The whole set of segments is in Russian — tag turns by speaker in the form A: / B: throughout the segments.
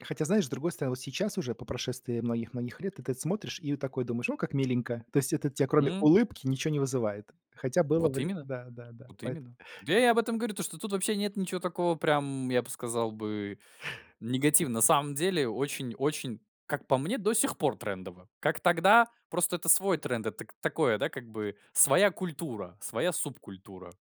A: Хотя знаешь, с другой стороны, вот сейчас уже, по прошествии многих-многих лет, этот ты смотришь и вот такой думаешь, о, как миленько. То есть это тебе кроме
B: М.
A: улыбки ничего не вызывает. Хотя было
B: Вот
A: время.
B: именно
A: Да-да-да.
B: вот
A: Поэт
B: именно. Да, я об этом говорю, то что тут вообще нет ничего такого прям, я бы сказал бы, негативного. На самом деле, очень-очень, как по мне, до сих пор трендово. Как тогда, просто это свой тренд, это к такое как бы своя культура, своя субкультура.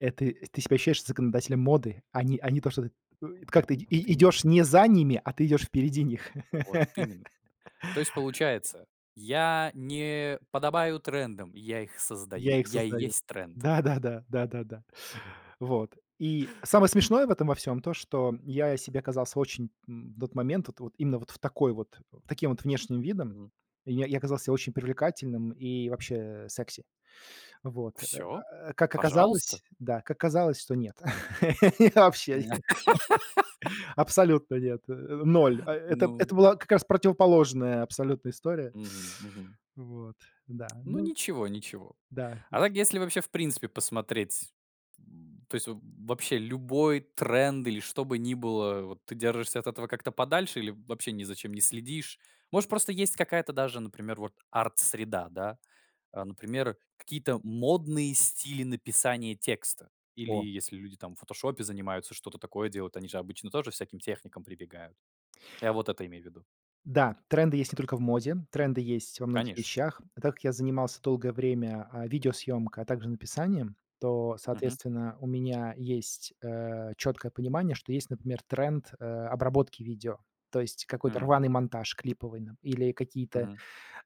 A: Это и ты себя ощущаешь законодателем моды. А не а не то, что ты э как ты
B: Вот
A: и
B: именно.
A: идёшь не за ними, а ты идёшь впереди них.
B: Вот именно. То есть, получается, я не подобаю трендам, я их создаю.
A: Я их
B: Я и
A: создаю.
B: есть тренд!
A: Да-да-да, да-да-да. Вот, и самое смешное в этом во всём то, что я себе казался очень, м, в тот момент, вот вот именно вот в такой вот, в таким вот внешним видом,
B: Мгм.
A: я я казался очень привлекательным и вообще, э, секси. Вот,
B: Всё,
A: а как
B: пожалуйста!
A: оказалось, да, как оказалось, что нет, вообще
B: М.
A: нет абсолютно нет, э, 0, э это это
B: Ну.
A: была как раз противоположная абсолютно история.
B: Мгм мгм.
A: Вот, да
B: Ну
A: ну.
B: ничего, ничего.
A: Да то
B: А
A: есть.
B: так, если, вообще, в принципе, посмотреть, м, то есть вообще любой тренд или что бы ни было, вот ты держишься от этого как-то подальше или вообще ни за чем не следишь. Может, есть какая-то даже, например, вот арт-среда, да? А например, какие-то модные стили написания текста. Или
A: О.
B: если люди, там, в "Фотошопе" занимаются, что-то такое делают, они же обычно тоже всяким техникам прибегают. Я вот это имею в виду.
A: Да, тренды есть не только в моде, тренды есть во многих
B: Конечно.
A: вещах. Так как я занимался долгое время, э, видеосъемкой, а также написанием, то,
B: Мгм.
A: соответственно, у меня есть э чёткое понимание, что есть, например, тренд, э, обработки видео, то есть какой-то
B: Мгм.
A: рваный монтаж клиповый нап или какие-то
B: Мгм.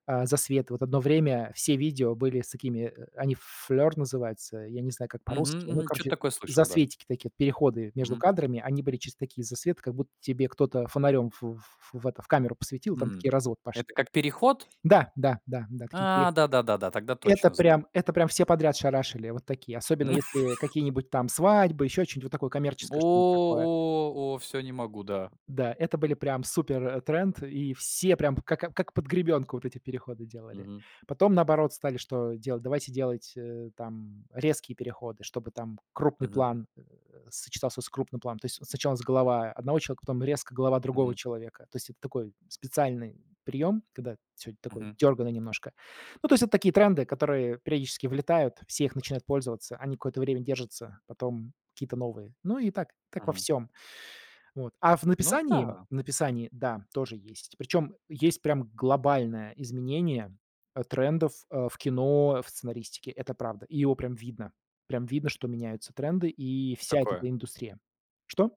A: а засветы. Вот 1 время все видео были с такими, э, они флёр называются, я не знаю как
B: Мгм.
A: по-русски, ну,
B: Мгм. Чё-то
A: короче,
B: такое слышал, да.
A: засветики такие, переходы между
B: Мгм.
A: кадрами, они были через такие засветы, как будто тебе кто-то фонарём в ф ф в это в камеру посветил, там
B: Мгм.
A: такие разводы
B: Это
A: пошли.
B: как переход?
A: Да, да, да, да, такие
B: А!
A: переходы.
B: Да да да да, тогда
A: Это
B: точно знаю.
A: прям это прям все подряд шарашили, вот такие, особенно если э какие-нибудь там свадьбы, еще что-нибудь, вот такое
B: О
A: коммерческое, что-нибудь такое.
B: о о, всё, не могу, да.
A: Да, это были прям супертренд, и все прям как, э, как под гребенку вот эти переходы делали.
B: Мгм.
A: Потом наоборот стали что делать? Давайте делать э там резкие переходы, чтобы там крупный
B: Мгм.
A: план, э, сочетался с крупным планом, то есть сначала с голова 1 человека, потом резко голова другого
B: Мгм.
A: человека, то есть это такой специальный приём, когда всё такое
B: Мгм.
A: дёрганное немножко, ну, то есть это такие тренды, которые периодически влетают, все их начинают пользоваться, они какое-то время держатся, потом какие-то новые. Ну и так, как во
B: Мгм.
A: всём. Вот. А в
B: Ну
A: написании
B: да.
A: в написании да, тоже есть. Причем есть прям глобальное изменение, э, трендов ф в кино, в сценаристике. Это правда. И его прям видно. Прям видно, что меняются тренды и вся вот
B: Какое?
A: эта индустрия. Что?